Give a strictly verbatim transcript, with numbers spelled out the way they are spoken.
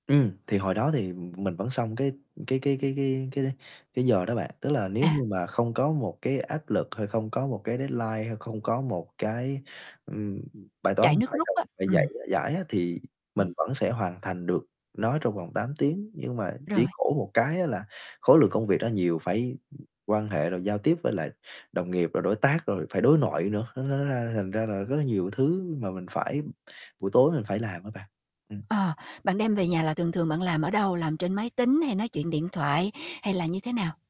Ừm, thì hồi đó thì, ừm, mình vẫn xong cái cái cái cái cái cái cái giờ đó bạn. Tức là nếu À. như mà không có một cái áp lực, hay không có một cái deadline, hay không có một cái, ừm, bài toán Chạy mình nước phải rút cần á, phải dạy ừm. giải á, thì mình Ừm. vẫn sẽ hoàn thành được nói trong vòng tám tiếng. Nhưng mà Rồi. chỉ khổ một cái á là khối lượng công việc nó nhiều, phải, ưm, quan hệ rồi giao tiếp với lại đồng nghiệp, rồi đối tác, rồi phải đối nội nữa, nó nó ra thành ra là rất là nhiều thứ mà mình phải buổi tối mình phải làm á bạn. Ừm. Ờ, bạn đem về nhà là thường thường bạn làm ở đâu? Làm trên máy tính, hay nói chuyện điện thoại, hay là như thế nào?